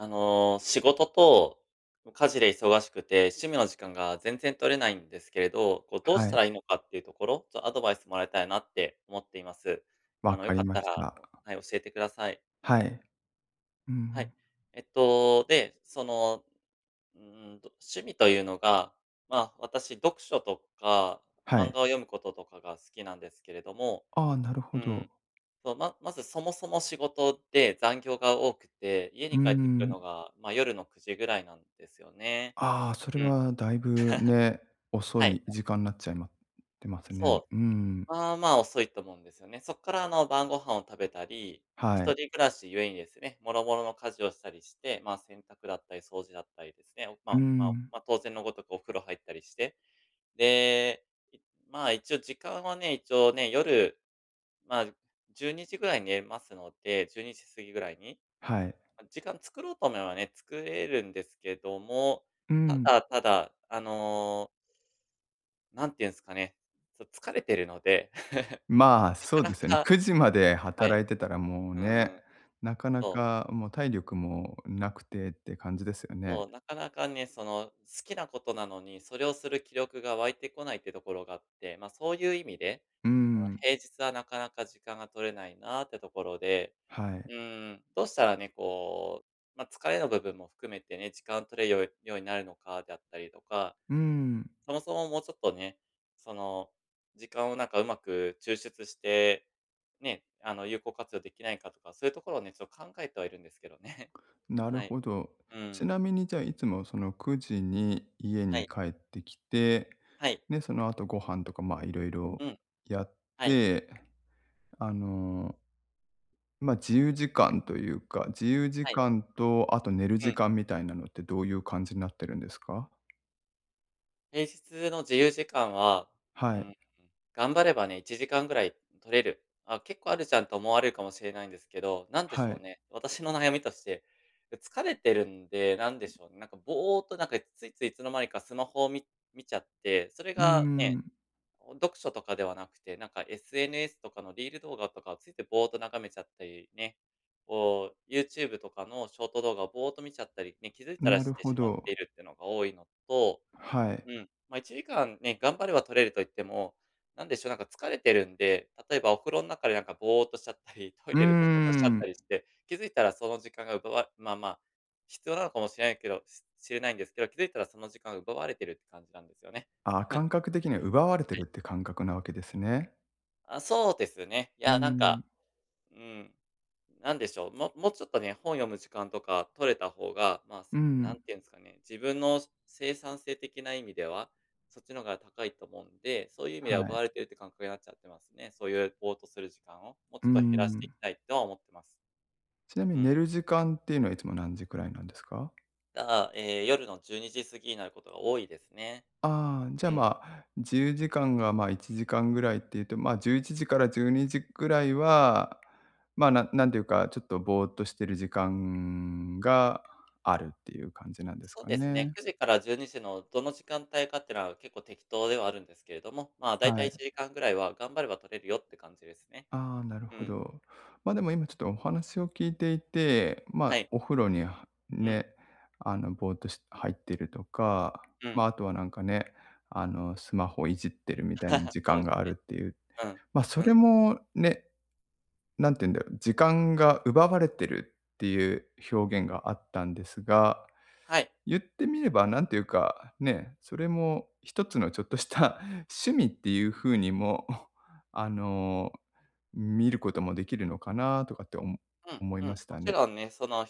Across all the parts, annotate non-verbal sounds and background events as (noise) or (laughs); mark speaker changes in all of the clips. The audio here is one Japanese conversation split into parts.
Speaker 1: あの、仕事と、家事で忙しくて、趣味の時間が全然取れないんですけれど、こうどう
Speaker 2: は
Speaker 1: した
Speaker 2: い。
Speaker 1: らいいのかっていうところ、ちょアドバイスもらいたいなって思っています。あ
Speaker 2: 分
Speaker 1: の、
Speaker 2: か
Speaker 1: 良か
Speaker 2: り
Speaker 1: っ
Speaker 2: ま
Speaker 1: た
Speaker 2: し
Speaker 1: ら
Speaker 2: た。
Speaker 1: はい、教えてください。
Speaker 2: はい、う
Speaker 1: はい、
Speaker 2: ん。
Speaker 1: えっと、で、その、うーんと趣味というのが、まあ、私読書とか、
Speaker 2: は
Speaker 1: 漫
Speaker 2: い。
Speaker 1: 画を読むこととかが好きなんですけれども、
Speaker 2: ああ、なるほ
Speaker 1: う
Speaker 2: ど。
Speaker 1: ん、そう、ままず、そもそも仕事で残業が多くて、家
Speaker 2: うー
Speaker 1: に帰ってくる
Speaker 2: ん。
Speaker 1: のが、まあ、夜の9時ぐらいなんですよね。
Speaker 2: ああ、それ
Speaker 1: うん。
Speaker 2: は、だいぶ、ね、
Speaker 1: (laughs)
Speaker 2: 遅
Speaker 1: は
Speaker 2: い
Speaker 1: い。
Speaker 2: 時間なっちゃいま、てますね。
Speaker 1: そ
Speaker 2: うーん。
Speaker 1: う、まあまあ、遅いと思うんですよね。そっから、あの、晩御飯を食べたり、一
Speaker 2: はい。
Speaker 1: 人暮らしゆえにですね、もろもろの家事をしたりして、まあ、洗濯だったり、掃除だったりですね、
Speaker 2: うー
Speaker 1: まま
Speaker 2: ん。
Speaker 1: ま、当然のごとくお風呂入ったりして、で、まあ、一応時間はね、一応ね、夜、まあ、12時ぐらいに寝ますので、12時過ぎぐらいに、
Speaker 2: はい。
Speaker 1: まあ、時間作ろうと思えばね、作れるんですけども、
Speaker 2: う
Speaker 1: た
Speaker 2: ん。
Speaker 1: だただ、あのなんて言うんすかね、ちょっと疲れてるので、(laughs)
Speaker 2: まあ、
Speaker 1: な
Speaker 2: そう
Speaker 1: かな
Speaker 2: ですよね。
Speaker 1: か
Speaker 2: 9時まで
Speaker 1: は
Speaker 2: 働
Speaker 1: い、
Speaker 2: いてたらもう
Speaker 1: うー
Speaker 2: ね、
Speaker 1: ん、
Speaker 2: なかな
Speaker 1: そう。
Speaker 2: か、もう体力も、なくてって感じですよね。
Speaker 1: そう、なかなかね、その、好きなことなのに、それをする気力が湧いてこないってところがあって、ま、そういう意味で、
Speaker 2: うー
Speaker 1: あの、
Speaker 2: ん。
Speaker 1: 平日はなかなか時間が取れないなってところで、
Speaker 2: は
Speaker 1: う
Speaker 2: い。
Speaker 1: ーん、どうしたらね、こう、ま、疲れの部分も含めてね、時間取れるよようになるのかであったりとか、
Speaker 2: うーん。
Speaker 1: そもそも、もうちょっとね、その、時間をなんかうまく抽出して、ね、あの、有効活用できないかとか、そういうところをね、ちょっと考えてはいるんですけどね。
Speaker 2: なる
Speaker 1: はい、
Speaker 2: ほど、
Speaker 1: う
Speaker 2: ち
Speaker 1: ん。
Speaker 2: なみにじゃあ、いつもその、9時に、家
Speaker 1: は
Speaker 2: に
Speaker 1: い。
Speaker 2: 帰ってきて、
Speaker 1: はい。
Speaker 2: で、その後ご飯とか、ま、色々
Speaker 1: うん、
Speaker 2: やっ
Speaker 1: はい。
Speaker 2: て、あのま、自由時間というか、自由時
Speaker 1: はい。
Speaker 2: 間と、あと寝る
Speaker 1: う
Speaker 2: 時
Speaker 1: ん。
Speaker 2: 間みたいなのってどういう感じなってるんですか？
Speaker 1: 平日の自由時間は、う
Speaker 2: はい。
Speaker 1: ーん、頑張ればね1時間ぐらい取れる。あ、結構あるじゃんと思われるかもしれないんですけど、なんでし
Speaker 2: は
Speaker 1: ょう
Speaker 2: い。
Speaker 1: ね、私の悩みとして、疲れてるんで、なんでし
Speaker 2: (unintelligible)
Speaker 1: ょうね、なんかぼーとなんかついついいつの間にかスマホを、み見ちゃって、それ
Speaker 2: うー
Speaker 1: がね、
Speaker 2: ん。
Speaker 1: 読書とかではなくて、なんか SNS とかのリール動画とかをついてぼーと眺めちゃったりね、こう Youtube とかのショート動画をぼーと見ちゃったり、ね、気づいたら
Speaker 2: なる
Speaker 1: して
Speaker 2: ほ
Speaker 1: しまっ
Speaker 2: ど。
Speaker 1: ているっていうのが多いのと、
Speaker 2: はい。
Speaker 1: うん、ま、1時間ね、頑張れば取れると言っても、なんでしょう、なんか疲れてるんで、例えばお風呂の中でなんかぼーとしちゃったり、トイ
Speaker 2: うー
Speaker 1: レでぼーとしちゃった
Speaker 2: ん。
Speaker 1: りして、気づいたらその時間が奪われまあまあ、必要なのかもしれないけど、ししれないんですけど、気づいたらその時間が奪われてるって感じなんですよね。
Speaker 2: ああ、感覚的には奪われてい
Speaker 1: (chuckles) は
Speaker 2: るっ
Speaker 1: い。
Speaker 2: ていう感覚なわけですね。
Speaker 1: あ、そうですね。い
Speaker 2: うー
Speaker 1: や、なんか、
Speaker 2: ん。
Speaker 1: うーん、なんでしょう、ももうちょっとね、本読む時間とか取れた方が、ま、
Speaker 2: うー
Speaker 1: なん
Speaker 2: ん。
Speaker 1: て言うんですかね、自分の生産性的な意味では、そっちの方が高いと思うんで、そういう意味
Speaker 2: は
Speaker 1: では奪
Speaker 2: い。
Speaker 1: われてるっていう感覚になっちゃってますね。そういうぼーとする時間を、もう
Speaker 2: う
Speaker 1: ち
Speaker 2: ー
Speaker 1: ょっと減らしていき
Speaker 2: ん。
Speaker 1: たいとは思ってます。
Speaker 2: ちなみ
Speaker 1: う
Speaker 2: に
Speaker 1: ん。
Speaker 2: 寝る時間っていうのはいつも何時くらいなんですか？
Speaker 1: ああ、ええ、夜の12時過ぎになることが多いですね。
Speaker 2: ああ、じゃ、
Speaker 1: うん。
Speaker 2: ま、自由時間が、ま、1時間ぐらいっていうと、ま、11時から12時ぐらいは、ま、ななんていうかちょっとぼーとしてる時間があるっていう感じなんです
Speaker 1: そう
Speaker 2: か
Speaker 1: ですね、
Speaker 2: ね？
Speaker 1: 9時から12時のどの時間帯かっていうのは、結構適当ではあるんですけれども、まあ、大
Speaker 2: は
Speaker 1: 体い
Speaker 2: い。
Speaker 1: ちじかんぐらいは頑張れば取れるよって感じですね。
Speaker 2: ああ、なる
Speaker 1: う
Speaker 2: ほ
Speaker 1: ん。
Speaker 2: ど。までも今ちょっとお話を聞いていて、ま、
Speaker 1: はい。
Speaker 2: お風呂に
Speaker 1: うん。
Speaker 2: ね、あの、ぼーとし入ってるとか、
Speaker 1: う
Speaker 2: ま、
Speaker 1: ん。
Speaker 2: あとはなんかね、あのスマホをいじってるみたいな
Speaker 1: (chuckles)
Speaker 2: 時
Speaker 1: そう
Speaker 2: 間
Speaker 1: で
Speaker 2: が
Speaker 1: す
Speaker 2: あ
Speaker 1: ね。
Speaker 2: るっていう。
Speaker 1: うん、
Speaker 2: ま、そ
Speaker 1: う
Speaker 2: れ
Speaker 1: ん。
Speaker 2: もね、なんて言うんだろう、時間が奪われてるっていう表現があったんですが、
Speaker 1: はい。
Speaker 2: 言ってみればなんていうか、ね、それもひとつのちょっとした (chuckles) 趣味っていう風にも、あの見ることもできるのかなとかっておも
Speaker 1: うん
Speaker 2: 思い
Speaker 1: うん、
Speaker 2: まし
Speaker 1: も
Speaker 2: た
Speaker 1: ち
Speaker 2: ね。
Speaker 1: ろんね、その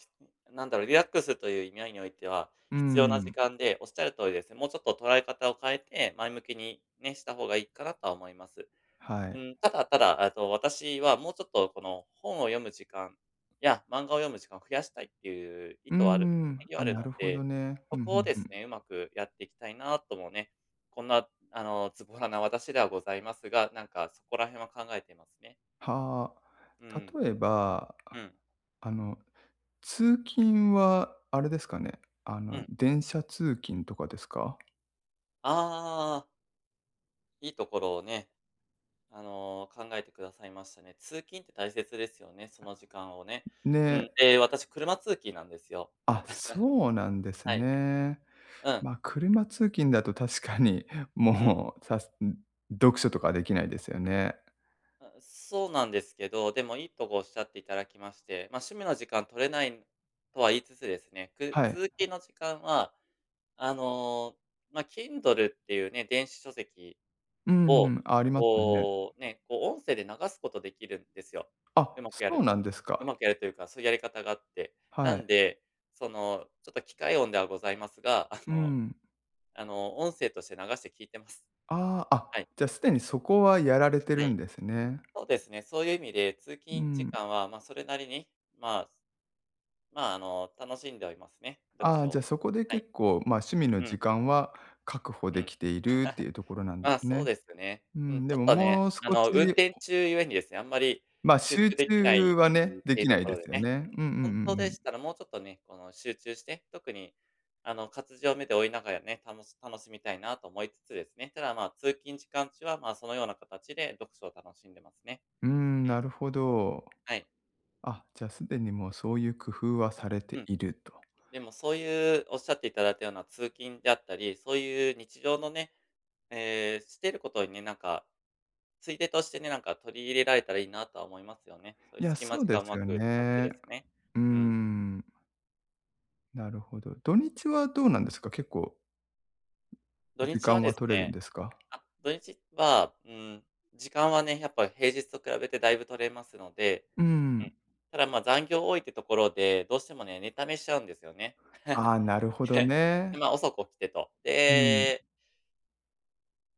Speaker 1: なんだろう、リラックスという意味合いにおいては、
Speaker 2: うー
Speaker 1: 必要な時
Speaker 2: ん。
Speaker 1: 間で、おっしゃる通りですね、もうちょっと捉え方を変えて、前向きに、ね、した方がいいかなとは思います。
Speaker 2: はー
Speaker 1: う
Speaker 2: い。
Speaker 1: ん、ただただ、えっと、私はもうちょっとこの本を読む時間や、漫画を読む時間を増やしたいっていう意
Speaker 2: うー
Speaker 1: 図はある
Speaker 2: ん。
Speaker 1: (unintelligible) あ
Speaker 2: あ、
Speaker 1: る
Speaker 2: な
Speaker 1: の
Speaker 2: るほど
Speaker 1: で、
Speaker 2: ね。ふ
Speaker 1: そ
Speaker 2: んふ
Speaker 1: こを
Speaker 2: ん
Speaker 1: で
Speaker 2: ふ
Speaker 1: す
Speaker 2: ん。
Speaker 1: ね、上手くやっていきたいなともね、こんなあの、ズボラな私ではございますが、なんかそこら辺は考えてますね。
Speaker 2: は
Speaker 1: う
Speaker 2: あ、
Speaker 1: ん。
Speaker 2: 例えば
Speaker 1: うん。
Speaker 2: あの通勤はあれですかね、あ
Speaker 1: う
Speaker 2: の
Speaker 1: ん。
Speaker 2: 電車通勤とかですか？
Speaker 1: ああ。いいところをね、あの、考えて下さいましたね。通勤って大切ですよね、その時間をね。うん、
Speaker 2: ね。
Speaker 1: で私車通勤なんですよ。
Speaker 2: あ、そうなんです
Speaker 1: (chuckles) はい。
Speaker 2: ね。
Speaker 1: うん。
Speaker 2: ま、車通勤だと確かに、
Speaker 1: うん。
Speaker 2: もう、さす読書とかできないですよね。
Speaker 1: あ、そうなんですけど、でもいいとこおっしゃっていただきまして、ま、趣味の時間取れないんとは言いつつですね、く
Speaker 2: はい。
Speaker 1: 通勤の時間は、あの、ま、Kindle っていうね、電子書籍
Speaker 2: う
Speaker 1: を、
Speaker 2: ん、ありますね。
Speaker 1: こうね、こう音声で流すことできるんですよ。
Speaker 2: あ、
Speaker 1: 上手くや
Speaker 2: そ
Speaker 1: る
Speaker 2: うなん
Speaker 1: と。
Speaker 2: です
Speaker 1: 上
Speaker 2: か。
Speaker 1: 手くやるというか、そういうやり方があって。
Speaker 2: は
Speaker 1: なん
Speaker 2: い。
Speaker 1: で、その、ちょっと機械音ではございますが、あ
Speaker 2: う
Speaker 1: の
Speaker 2: ん。
Speaker 1: あの、音声として流して聞いてます。
Speaker 2: ああ、あ、
Speaker 1: はい。
Speaker 2: じゃ、すでにそこはやられてる
Speaker 1: は
Speaker 2: ん
Speaker 1: い。
Speaker 2: ですね。
Speaker 1: そうですね、そういう意味で、通
Speaker 2: う
Speaker 1: 勤時
Speaker 2: ん。
Speaker 1: 間はま、それなりに、まま、あの、楽しんではいますね、読
Speaker 2: ああ、
Speaker 1: 書
Speaker 2: じゃ、
Speaker 1: を。
Speaker 2: そこで
Speaker 1: はい。
Speaker 2: 結構、ま、趣味の
Speaker 1: うん。
Speaker 2: 時間は確保
Speaker 1: う
Speaker 2: で
Speaker 1: ん。
Speaker 2: きているって
Speaker 1: (chuckles)
Speaker 2: いうところなんで
Speaker 1: あ、
Speaker 2: す
Speaker 1: そう
Speaker 2: ね。
Speaker 1: ですね。
Speaker 2: うー
Speaker 1: うん、
Speaker 2: ん、
Speaker 1: ち
Speaker 2: で
Speaker 1: ょっ
Speaker 2: も
Speaker 1: とね、
Speaker 2: もう少
Speaker 1: あの、運
Speaker 2: し
Speaker 1: 転中ゆえにですね、あんまり、
Speaker 2: ま、
Speaker 1: 集
Speaker 2: 集
Speaker 1: 中でき
Speaker 2: 中
Speaker 1: ない
Speaker 2: は
Speaker 1: って
Speaker 2: ね、
Speaker 1: いう
Speaker 2: で
Speaker 1: ていう
Speaker 2: き
Speaker 1: と
Speaker 2: ない
Speaker 1: こ
Speaker 2: で
Speaker 1: ろで
Speaker 2: すよ
Speaker 1: ね。
Speaker 2: ね。うんうんう
Speaker 1: 本当
Speaker 2: んう
Speaker 1: で
Speaker 2: ん。
Speaker 1: したらもうちょっとね、この集中して、特に、あの、活字を目で追いながらね、たのし楽しみたいなと思いつつですね。ただ、ま、通勤時間中は、ま、そのような形で読書を楽しんでますね。
Speaker 2: うーん、
Speaker 1: うん。
Speaker 2: なるほど。
Speaker 1: はい。
Speaker 2: あ、じゃ、すでにもうそういう工夫はされて
Speaker 1: うん。
Speaker 2: いると。
Speaker 1: でもそういう、おっしゃっていただいたような通勤であったり、そういう日常のね、ええ、してることにね、なんか、ついでとしてね、なんか取り入れられたらいいなとは思いますよね。そうい
Speaker 2: い
Speaker 1: う
Speaker 2: や、
Speaker 1: 隙間
Speaker 2: そう
Speaker 1: 時
Speaker 2: で
Speaker 1: 間
Speaker 2: す
Speaker 1: 上
Speaker 2: よ
Speaker 1: 手く使って
Speaker 2: ね。
Speaker 1: ですね。
Speaker 2: うー
Speaker 1: うん。
Speaker 2: ん。なるほど。土日はどうなんですか？結構、
Speaker 1: 土
Speaker 2: 時
Speaker 1: 日
Speaker 2: 間
Speaker 1: はで
Speaker 2: は
Speaker 1: す
Speaker 2: 取れるん
Speaker 1: ね、
Speaker 2: ですか？
Speaker 1: あ土日は、うーん、時間はね、やっぱ平日と比べてだいぶ取れますので
Speaker 2: う
Speaker 1: うん。
Speaker 2: ん。
Speaker 1: ただ、ま、残業多いってところで、どうしてもね、寝溜めしちゃうんですよね。
Speaker 2: ああ、なるほ
Speaker 1: (laughs)
Speaker 2: ど
Speaker 1: で、
Speaker 2: ね。
Speaker 1: ま、遅く起きてと。
Speaker 2: うん。
Speaker 1: で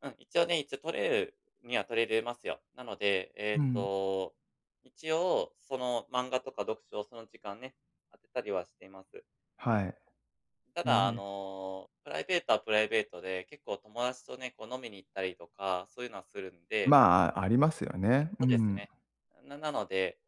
Speaker 1: うん、一応ね、一応取れるには取れれますよ。なので、え
Speaker 2: う
Speaker 1: っ
Speaker 2: ん。
Speaker 1: と、一応、その漫画とか読書をその時間ね、当てたりはしています。う
Speaker 2: は
Speaker 1: ん。
Speaker 2: い。へ
Speaker 1: ただあ
Speaker 2: え。
Speaker 1: のプライベートはプライベートで、結構友達とね、こう飲みに行ったりとか、そういうのはするんで
Speaker 2: まあ、ありますよね。う
Speaker 1: そうです
Speaker 2: ん。
Speaker 1: ね。ななので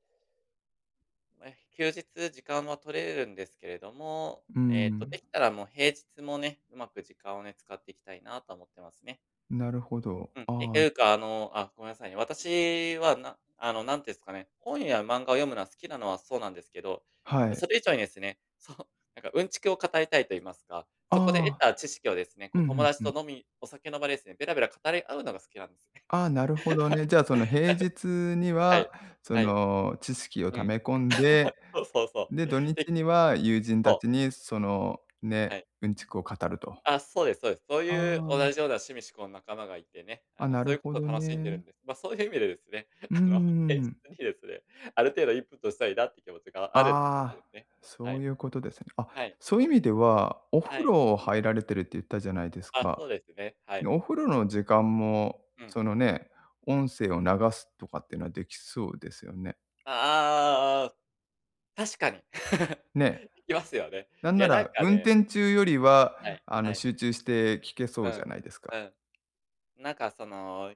Speaker 1: うえ休日時間は取れるんですけれども、
Speaker 2: う
Speaker 1: えっと、で
Speaker 2: ん。
Speaker 1: きたらもう平日もね、うまく時間をね、使っていきたいなとは思ってますね。
Speaker 2: なるほど。
Speaker 1: うん、て
Speaker 2: あ
Speaker 1: て
Speaker 2: あ。
Speaker 1: いうか、あのあ、ごめんなさいね、私はなあのなんていうんすかね、本や漫画を読むのは好きなのはそうなんですけど、
Speaker 2: はい。
Speaker 1: それ以上にですね、そう、なんかうんちくを語りたいと言いますか、
Speaker 2: あ
Speaker 1: そこで得
Speaker 2: あ、
Speaker 1: た知識をですね、
Speaker 2: う
Speaker 1: こ
Speaker 2: ん
Speaker 1: う
Speaker 2: う
Speaker 1: 友
Speaker 2: ん
Speaker 1: 達
Speaker 2: うん。
Speaker 1: と飲みお酒の場でですね、べらべら語り合うのが好きなんですよね。
Speaker 2: ああ、なるほどね。じゃあその平日に
Speaker 1: (laughs) は
Speaker 2: は、
Speaker 1: い、
Speaker 2: そ
Speaker 1: はい。
Speaker 2: の知識を
Speaker 1: う
Speaker 2: 溜
Speaker 1: ん。
Speaker 2: め込んで、
Speaker 1: (laughs) そうそうそ
Speaker 2: で、土
Speaker 1: う。ひ
Speaker 2: 日には友人た
Speaker 1: そう。
Speaker 2: ちにその
Speaker 1: は
Speaker 2: ね、
Speaker 1: い。
Speaker 2: うんちくを語ると。
Speaker 1: ああ、そうですそうです。そういう
Speaker 2: あ
Speaker 1: 同
Speaker 2: あ。
Speaker 1: じような趣味嗜好の仲間がいてね、あ
Speaker 2: あ、
Speaker 1: の
Speaker 2: な
Speaker 1: そ
Speaker 2: る
Speaker 1: ういうこ
Speaker 2: ほど
Speaker 1: とを楽しんでる
Speaker 2: ね。
Speaker 1: んです。ま、そういう意味でですね、
Speaker 2: うー
Speaker 1: あの現
Speaker 2: ん。
Speaker 1: 実にですね、ある程度インプットしたいなっていう気持ちがあるって感じで
Speaker 2: あ、
Speaker 1: すね。
Speaker 2: そ
Speaker 1: は
Speaker 2: う
Speaker 1: い。
Speaker 2: いうことですね。あ、
Speaker 1: はい、
Speaker 2: そう
Speaker 1: そ
Speaker 2: い
Speaker 1: う
Speaker 2: う意
Speaker 1: で
Speaker 2: 味
Speaker 1: す。
Speaker 2: では、お
Speaker 1: は
Speaker 2: 風
Speaker 1: い。
Speaker 2: 呂入られてるって言ったじゃないです
Speaker 1: あ、
Speaker 2: か。
Speaker 1: そうですね、は
Speaker 2: ね、
Speaker 1: い。
Speaker 2: お風呂の時間も
Speaker 1: うん。
Speaker 2: そのね、音声を流すとかっていうのはできそうですよね。
Speaker 1: あああ、確かに。(laughs)
Speaker 2: ね。
Speaker 1: できますよね。
Speaker 2: なん
Speaker 1: い
Speaker 2: な
Speaker 1: や、なん
Speaker 2: ら、
Speaker 1: か
Speaker 2: 運
Speaker 1: ね
Speaker 2: 転中よりは
Speaker 1: はい、
Speaker 2: あ
Speaker 1: は
Speaker 2: の
Speaker 1: い。
Speaker 2: 集中して聞けそ
Speaker 1: う
Speaker 2: うじゃ
Speaker 1: ん、
Speaker 2: ないですか。
Speaker 1: うん。なんかその、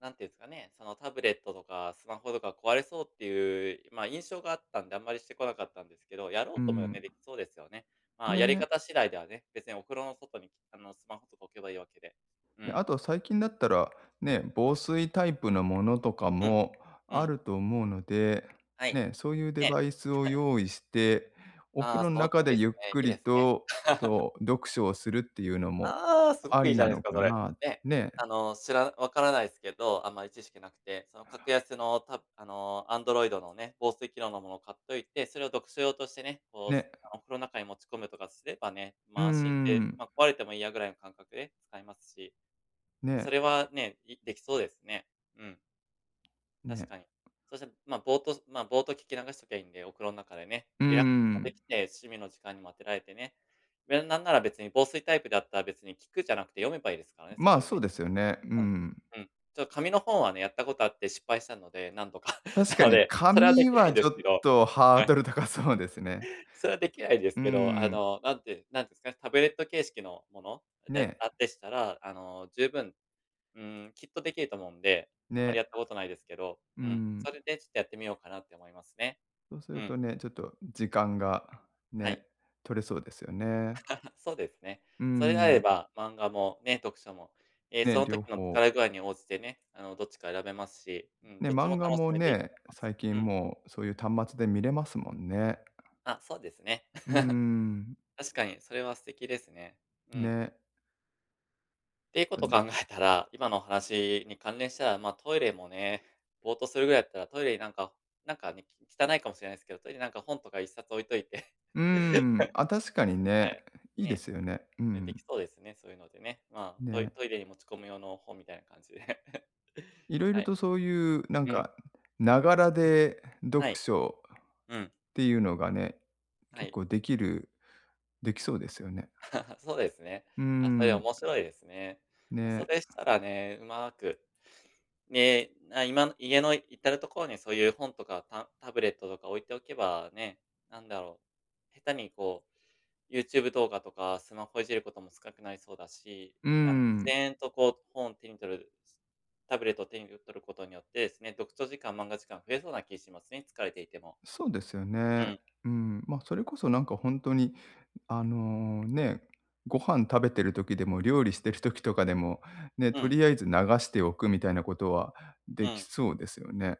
Speaker 1: 何ていうんすかね、そのタブレットとかスマホとか壊れそうっていう、ま、印象があったんで、あんまりしてこなかったんですけど、やろ
Speaker 2: う
Speaker 1: うと思えばね、
Speaker 2: ん。
Speaker 1: できそうですよね。まあ、やり
Speaker 2: ね。
Speaker 1: 方次第ではね、別にお風呂の外にあのスマホとか置けばいいわけで。う
Speaker 2: で、
Speaker 1: ん。
Speaker 2: あと最近だったら、ね、防水タイプのものとか
Speaker 1: うん、
Speaker 2: も
Speaker 1: う
Speaker 2: あ
Speaker 1: ん。
Speaker 2: ると思うので、
Speaker 1: はい。
Speaker 2: ね、そういうデ
Speaker 1: ええ。
Speaker 2: バイスを
Speaker 1: (laughs)
Speaker 2: 用意して、お風
Speaker 1: ああ、
Speaker 2: 呂の
Speaker 1: その通
Speaker 2: 中
Speaker 1: り
Speaker 2: で
Speaker 1: で
Speaker 2: ゆ
Speaker 1: す
Speaker 2: っ
Speaker 1: ね。
Speaker 2: く
Speaker 1: いい
Speaker 2: り
Speaker 1: ですね。
Speaker 2: と、
Speaker 1: (laughs)
Speaker 2: そう読書をするっていうのも
Speaker 1: ああ、すご
Speaker 2: あ
Speaker 1: くい
Speaker 2: り
Speaker 1: いじ
Speaker 2: な
Speaker 1: ゃないで
Speaker 2: の
Speaker 1: すか、
Speaker 2: か
Speaker 1: それ。
Speaker 2: な、
Speaker 1: ね、
Speaker 2: ね。
Speaker 1: あのしらな分からないすけど、あんまり知識なくて、その格
Speaker 2: (unintelligible)
Speaker 1: 安のタブあのアンドロイドのね、防水機能のものを買っといて、それを読書用としてね、こうあのす
Speaker 2: ね。
Speaker 1: あのお風呂の中に持ち込むとかすればね、
Speaker 2: う
Speaker 1: ま、安心して、
Speaker 2: ん。
Speaker 1: まあ、壊れてもいいやぐらいの感覚で使えますし、そ
Speaker 2: ね。
Speaker 1: れはね、いできそうですね。うん。確
Speaker 2: ね。
Speaker 1: かに。そして、ま、ぼおっとしまあ、ぼおっと聞き流しときゃいいんで、お風呂の中でね、
Speaker 2: うー
Speaker 1: リラックスとかで
Speaker 2: ん。
Speaker 1: きて、趣味の時間にもあてられてね、で、なんなら別に防水タイプだったら別に聞くじゃなくて読めばいいですからね、そ
Speaker 2: ま、
Speaker 1: こで
Speaker 2: そう
Speaker 1: ね。
Speaker 2: ですよね、うんう
Speaker 1: うん
Speaker 2: ん。
Speaker 1: うん。ちょっ紙の本はね、やったことあって失敗したので、何度か、
Speaker 2: 確か
Speaker 1: なの
Speaker 2: に
Speaker 1: で、それはで
Speaker 2: 紙
Speaker 1: きない
Speaker 2: は
Speaker 1: んで
Speaker 2: ちょ
Speaker 1: すけ
Speaker 2: っ
Speaker 1: ど、
Speaker 2: とハー
Speaker 1: はい。
Speaker 2: ドル高そうですね。
Speaker 1: それはできないです
Speaker 2: うー
Speaker 1: けど、あ
Speaker 2: ん。
Speaker 1: の、なんてなんて言うんすか、タブレット形式のもの、で
Speaker 2: ね。
Speaker 1: あっでしたら、あの十分、うーん、きっとできると思うんで、あんま
Speaker 2: ね。
Speaker 1: りやったことないですけど、
Speaker 2: うー
Speaker 1: うん、
Speaker 2: ん。
Speaker 1: それでちょっとやってみようかなって思いますね。
Speaker 2: そうす
Speaker 1: う
Speaker 2: る
Speaker 1: ん。
Speaker 2: とね、ちょっと時間が、
Speaker 1: は
Speaker 2: ね、
Speaker 1: い。
Speaker 2: 取れそうですよね。
Speaker 1: (laughs) そうですね。
Speaker 2: うー
Speaker 1: それであれ
Speaker 2: ん。
Speaker 1: ば、漫画もね、読書も、ええ、
Speaker 2: ね、
Speaker 1: その
Speaker 2: 両
Speaker 1: 時の
Speaker 2: 方。
Speaker 1: 疲れ具合に応じてね、あの、どっちか選べますし、うん、
Speaker 2: ね、
Speaker 1: どっちも
Speaker 2: 漫画
Speaker 1: 楽し
Speaker 2: も
Speaker 1: めていいと
Speaker 2: ね、
Speaker 1: 思います。
Speaker 2: 最
Speaker 1: う
Speaker 2: 近
Speaker 1: ん。
Speaker 2: もうそういう端末で見れますもんね。
Speaker 1: あ、そうですね。
Speaker 2: うーん。
Speaker 1: (laughs) 確かに、それは素敵ですね、うん。
Speaker 2: ね。
Speaker 1: っていうこ
Speaker 2: と
Speaker 1: と
Speaker 2: ね。
Speaker 1: 考えたら、今のお話に関連したら、まあトイレもね、ぼおっとするぐらいだったら、トイレになんかなんかね、汚いかもしれないですけど、トイレなんか本とか1冊置いといて、
Speaker 2: うー
Speaker 1: (laughs)
Speaker 2: ん、あ、確かに
Speaker 1: は
Speaker 2: ね、
Speaker 1: い、
Speaker 2: いいで
Speaker 1: ね、
Speaker 2: すよね。う
Speaker 1: うん、でき
Speaker 2: ん。
Speaker 1: そうですね、そういうのでね。まあトイ
Speaker 2: ね。
Speaker 1: トイレに持ち込む用の本みたいな感じで、(laughs)
Speaker 2: 色
Speaker 1: は
Speaker 2: 々
Speaker 1: い、
Speaker 2: とそういうなん
Speaker 1: うん。
Speaker 2: か、ながらで、読
Speaker 1: はい。
Speaker 2: 書、
Speaker 1: うん。
Speaker 2: っていうのがね、
Speaker 1: は
Speaker 2: 結
Speaker 1: い。
Speaker 2: 構できる、できそうですよね。
Speaker 1: (laughs) そうですね。
Speaker 2: うー
Speaker 1: あ、それ
Speaker 2: ん。
Speaker 1: 面白いですね。ま、そ
Speaker 2: ね。
Speaker 1: れしたらね、うまく、で、あ今家のいたるところにそういう本とか、たんタブレットとか置いておけば、ね、なんだろう、下手にこう、ユーチューブ動画とかスマホいじることも少なくなりそうだし、
Speaker 2: うー
Speaker 1: あの自
Speaker 2: ん。
Speaker 1: 然とこう本を手に取る、タブレットを手に取ることによってですね、読書時間、漫画時間増えそうな気しますね、疲れていても。
Speaker 2: そうですよ
Speaker 1: う
Speaker 2: ね。
Speaker 1: ん。
Speaker 2: うーん、ま、それこそなんかほんとにあの、ね、ご飯食べてる時でも料理してる時とかでも、ね、
Speaker 1: う
Speaker 2: と
Speaker 1: ん。
Speaker 2: りあえず流しておくみたいなことは
Speaker 1: う
Speaker 2: でき
Speaker 1: ん。
Speaker 2: そうですよね。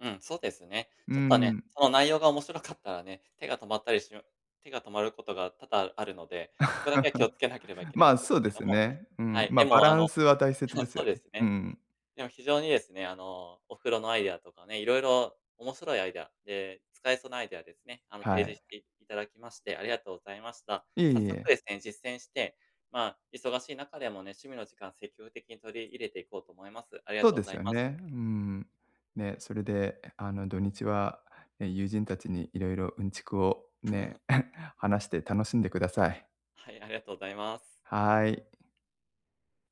Speaker 1: うん、そうですね。
Speaker 2: うー
Speaker 1: ちょっとね、
Speaker 2: ん。
Speaker 1: その内容が面白かったらね、手が止まったりしぬ、手が止まることが多々あるので、そこだけは気を付けなければい
Speaker 2: (laughs)
Speaker 1: けない
Speaker 2: ま
Speaker 1: ん
Speaker 2: あ、
Speaker 1: です
Speaker 2: そう
Speaker 1: け
Speaker 2: で
Speaker 1: れど
Speaker 2: すよ
Speaker 1: も、
Speaker 2: ね。う
Speaker 1: は
Speaker 2: ん、
Speaker 1: い、で
Speaker 2: ま、バ
Speaker 1: もあ
Speaker 2: ラ
Speaker 1: の
Speaker 2: ンスは大切
Speaker 1: そ
Speaker 2: です
Speaker 1: そ
Speaker 2: よ
Speaker 1: うで
Speaker 2: ね。
Speaker 1: す
Speaker 2: うー
Speaker 1: ね。
Speaker 2: ん。
Speaker 1: でも非常にですね、あのお風呂のアイデアとかね、いろいろ、面白いアイデアで使えそうなアイデアですね、あの
Speaker 2: は
Speaker 1: 提示
Speaker 2: い。
Speaker 1: していただきましてありがとうございました。
Speaker 2: いえ
Speaker 1: 早
Speaker 2: い
Speaker 1: 速
Speaker 2: え。
Speaker 1: ですね、実践して、まあ忙しい中でもね、趣味の時間積極的に取り入れていこうと思います。ありが
Speaker 2: そう
Speaker 1: とう
Speaker 2: で
Speaker 1: ござ
Speaker 2: す
Speaker 1: い
Speaker 2: よ
Speaker 1: ます。
Speaker 2: ね、うーん、ね、それであの土日は、ね、友人たちにいろいろうんちくをね、
Speaker 1: (laughs)
Speaker 2: (chuckles) 話して楽しんでください。
Speaker 1: はい、ありがとうございます。
Speaker 2: はい。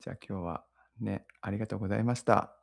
Speaker 2: じゃ、今日はね、ありがとうございました。